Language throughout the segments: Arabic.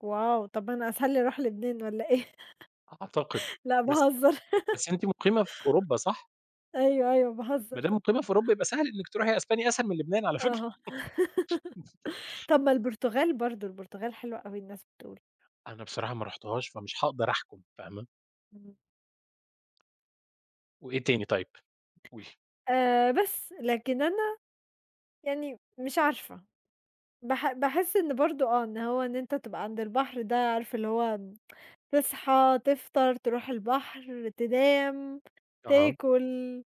واو! طَب ما أنا أسهَل لي أروح لبنان والّا إيه؟ أعتقد. لا بس باهزر، بس أنتِ مقيمة في أوروبا صح؟ أيوه، أيوه ما باهزّر. دام مقيمة في أوروبا يبقى سهْل إنِك تروحي أسبانيا، أسهَل من لبنان على فكرة. أها. طَب ما البرتغال برضه، البرتغال حلوة أوي الناس بتقول. أنا بصراحة ما رُحتهاش، فمش هاقدَر احكُم، فاهمة. إمم. وإيه تاني طيب؟ قولي. آآ بس، لكن أنا يعني مش عارفة، باح باحس إن برضه، آه، إن هو إن أنت تبقى عَند البحر ده، عارف اللي هو تصحى، تفطَر، ترُوح البحر، تنام، أها. تاكل،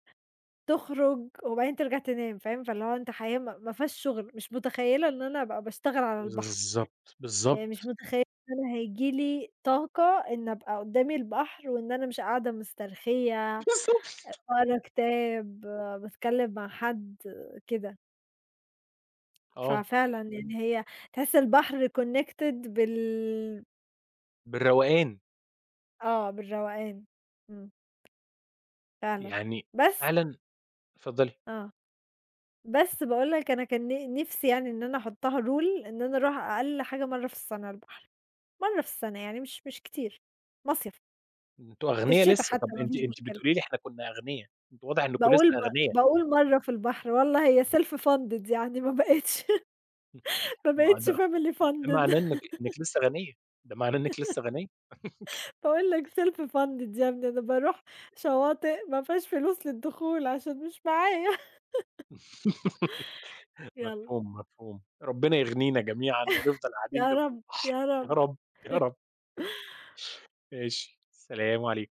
تخرُج وبعدين ترجَع تنام، فاهم؟ فاللي هو أنت حياة م مافيهاش شُغل، مش مُتخيّلة إن أنا ابقى باشتغل على البحر، بالضبط، يعني مش بالضبط. مُتخيلة إن هييجي لي طاقة إني ابقى قُدّامي البحر وإن أنا مش قاعدة مسترخيّة أ بالضبط باقرا كتاب، باتكلّم مع حد، كده. آه. ففعلًا يعني هي تحس البحر connected بال بالروَقان. آه، بالروَقان. إمم. فعلًا، يعني بس فعلًا اتفضّلي. آه. بس باقول لك أنا كان ن نِفسي يعني إن أنا احُطّها rule إن أنا أرُوح أقَل حاجة مرَّة في السَّنة البحر، مرَّة في السنة، يعني مش مش كتير. مصيَف، أنتم في أغنيا الشتا لسه، حتى طَب ما أنتِ فيش أنتِ مشكلة. بتقولي لي إحنا كنّا أغنيا، أنتم واضح أنكم لسه باقول م أغنيا. باقول مرَّة في البحر والله هي self funded يعني ما بقيتش ما ما بقيتش ده family ده funded معناه إنِك إنِك لسه غنيّة، ده معناه إنِك لسه غنيّة. باقول لك self funded يا ابني، أنا بارُوح شواطئ مافيهاش فلوس للدخول، عشان مش معايا. يلّا. مفهوم، مفهوم. ربنا يغنِينا جميعًا ونفضَل قاعدين يا جنب رب، البحر، يا يا رب. رب، يا رب. ماشي. سلام عليكم.